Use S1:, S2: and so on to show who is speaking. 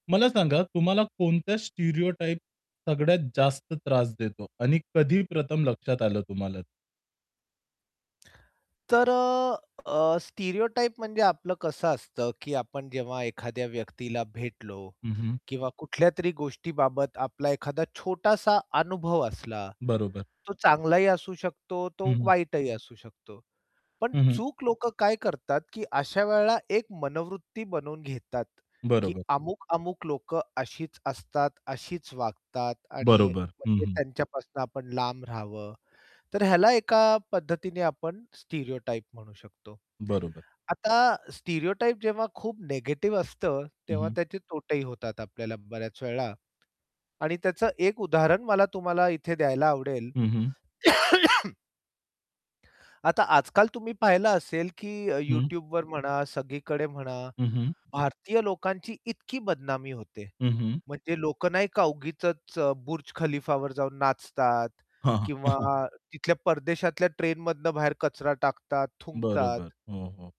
S1: मला सांगा तुम्हाला कोणत्या स्टिरियोटाइप सगळ्यात जास्त त्रास देतो आणि कधी प्रथम लक्षात आलं तुम्हाला?
S2: तर अ, अ, स्टिरियोटाइप म्हणजे आपलं कसं असतं की आपण जेव्हा एखाद्या व्यक्तीला भेटलो
S1: हं, हं.
S2: किंवा कुठल्यातरी गोष्टीबाबत आपला एखादा छोटासा अनुभव असला,
S1: बरोबर.
S2: तो चांगलाही असू शकतो
S1: हं,
S2: तो
S1: हं.
S2: वाईटही असू शकतो. पण
S1: हं, हं.
S2: चूक लोक काय करतात की अशा वेळेला एक मनोवृत्ती बनवून घेतात. की
S1: बरोबर.
S2: अमुक-अमुक लोक अशीच असतात अशीच वागतात आणि
S1: बरोबर. हं,
S2: [unintelligible]
S1: हं.
S2: त्यांच्यापासून आपण लांब रहावं. तर ह्याला एका पद्धतीने आपण स्टिरियोटाइप म्हणू शकतो.
S1: बरोबर.
S2: आता स्टिरियोटाइप जेव्हा खूप निगेटिव्ह असतं,
S1: हं,
S2: तेव्हा
S1: हं.
S2: त्याचे तोटेही होतात आपल्याला बऱ्याच वेळा. आणि त्याचं एक उदाहरण मला तुम्हाला इथे द्यायला आवडेल.
S1: हं, हं.
S2: आता आजकाल तुम्ही पाहिलं असेल की अ,
S1: हं.
S2: YouTubeवर म्हणा, सगळीकडे म्हणा
S1: हं, हं.
S2: भारतीय लोकांची इतकी बदनामी होते.
S1: हं, हं.
S2: म्हणजे लोक नाही का उगीचच अ, बुर्ज खलीफावर जाऊन नाचतात
S1: हां, हां.
S2: किंवा तिथल्या परदेशातल्या ट्रेनमधनं बाहेर कचरा टाकतात,
S1: बरोबर.
S2: थुंकतात.
S1: हो, हो.